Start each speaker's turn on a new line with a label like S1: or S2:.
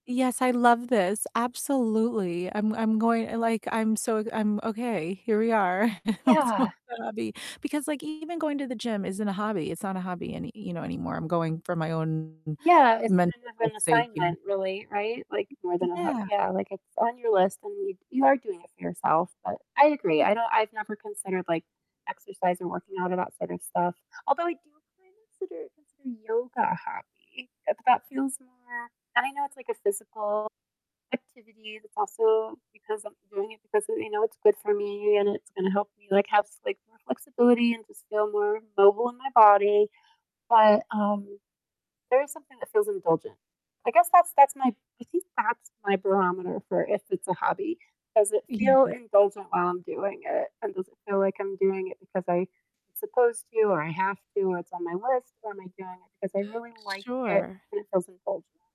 S1: Yes, I love this. Absolutely. I'm I'm going eh, like, I'm so I'm okay. Here we are and we're talking
S2: Yeah.
S1: about hobby, because, like, even going to the gym isn't a hobby. It's not a hobby any you know, anymore. I'm going for my own
S2: Yeah, it's kind
S1: mental
S2: of
S1: health
S2: an
S1: sake here.
S2: assignment really, right, like, more than a h
S1: Yeah.
S2: yeah, like, it's on your list and you you are doing it for yourself, but I agree, I don't I've never considered, like, exercise or working out or that sort of stuff although I do kind of consider consider yoga a hobby, but that feels more and I know it's, like, a physical activity, it's also because I'm doing it because of you know, it's good for me and it's gonna help me, like, have s like, more flexibility and just feel more mobile in my body, but, um, there is something that feels indulgent. I guess that's that's my I think that's my barometer for if it's a hobby, does it feel
S1: Yeah.
S2: indulgent while I'm doing it, and does it feel like I'm doing it because I supposed to or I have to or it's on my list or am I doing it because I
S1: Uh,
S2: really like it
S1: sure.
S2: and it feels indulgent?